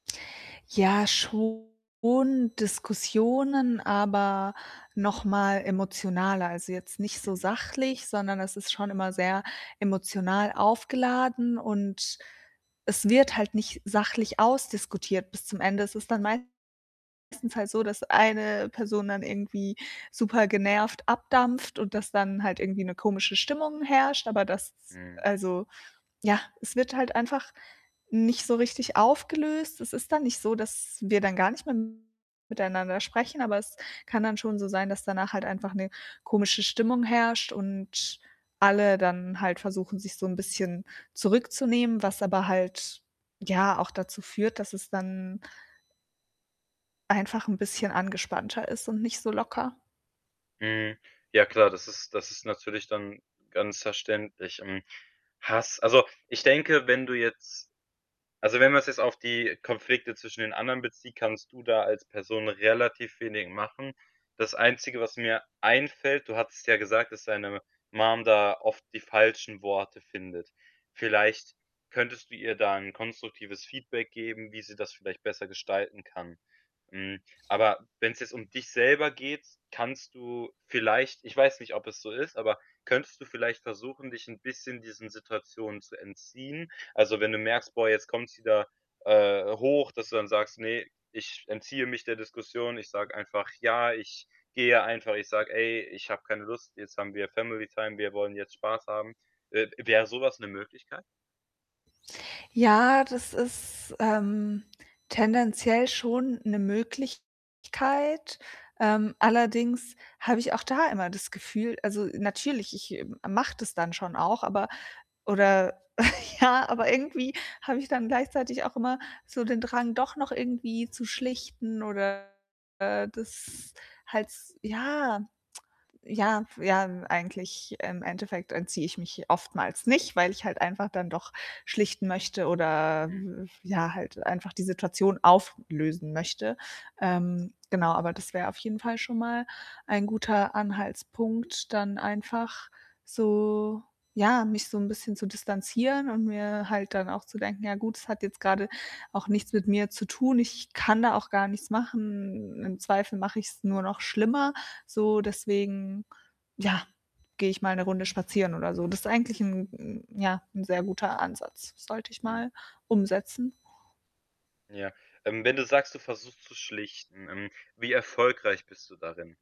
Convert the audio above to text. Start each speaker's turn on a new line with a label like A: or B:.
A: Ja, schon Diskussionen, aber noch mal emotionaler. Also, jetzt nicht so
B: Mhm.
A: sachlich, sondern es ist schon immer sehr emotional aufgeladen, und es wird halt nicht sachlich ausdiskutiert bis zum Ende. Es ist dann meistens halt so, dass eine Person dann irgendwie supergenervt abdampft und dass dann halt irgendwie 'ne komische Stimmung herrscht, aber das
B: Mhm.
A: also, ja, es wird halt einfach nicht so richtig aufgelöst. Es ist dann nicht so, dass wir dann gar nicht mehr miteinander sprechen, aber es kann dann schon so sein, dass danach halt einfach 'ne komische Stimmung herrscht und alle dann halt versuchen, sich so 'n bisschen zurückzunehmen, was aber halt ja auch dazu führt, dass es dann einfach 'n bisschen angespannter ist und nicht so locker.
B: Mhm. Ja klar, das ist das ist natürlich dann ganz verständlich. Hm, Hass also, ich denke, wenn du jetzt also, wenn wir's jetzt auf die Konflikte zwischen den anderen bezieht, kannst du da als Person relativ wenig machen. Das Einzige, was mir einfällt, du hattest ja gesagt, dass seine Mom da oft die falschen Worte findet. Vielleicht könntest du ihr da 'n konstruktives Feedback geben, wie sie das vielleicht besser gestalten kann. Hm, aber wenn's jetzt um dich selber geht, kannst du vielleicht ich weiß nicht, ob es so ist, aber könntest du vielleicht versuchen, dich 'n bisschen diesen Situationen zu entziehen? Also, wenn du merkst: „Boah, jetzt kommt's wieder, äh, hoch“, dass du dann sagst: „Ne, ich entziehe mich der Diskussion. Ich sage einfach: ‚Ja, ich gehe einfach.‘ Ich sage: ‚Ey, ich hab keine Lust, jetzt haben wir Family Time, wir wollen jetzt Spaß haben.‘“ Äh, w wäre so was 'ne Möglichkeit?
A: Ja, das ist, ähm, tendenziell schon 'ne Möglichkeit. Ähm, allerdings habe ich auch da immer das Gefühl also, natürlich, ich m mache das dann schon auch, aber oder ja aber irgendwie habe ich dann gleichzeitig auch immer so den Drang, doch noch irgendwie zu schlichten oder, äh, das halt s ja. Ja, ja, eigentlich im Endeffekt entziehe ich mich oftmals nicht, weil ich halt einfach dann doch schlichten möchte oder
B: Mhm.
A: w f ja, halt einfach die Situation auflösen möchte. Ähm, genau, aber das wäre auf jeden Fall schon mal ein guter Anhaltspunkt, dann einfach so ja, mich so 'n bisschen zu distanzieren und mir halt dann auch zu denken: „Ja gut, es hat jetzt grade auch nichts mit mir zu tun. Ich kann da auch gar nichts machen. Im Zweifel mache ich's nur noch schlimmer, so. Deswegen ja, gehe ich mal 'ne Runde spazieren oder so.“ Das eigentlich 'n 'n ja, 'n sehr guter Ansatz, sollte ich
B: Mhm.
A: mal umsetzen.
B: Ja, ähm, wenn du sagst, du versuchst zu schlichten, ähm, wie erfolgreich bist du darin?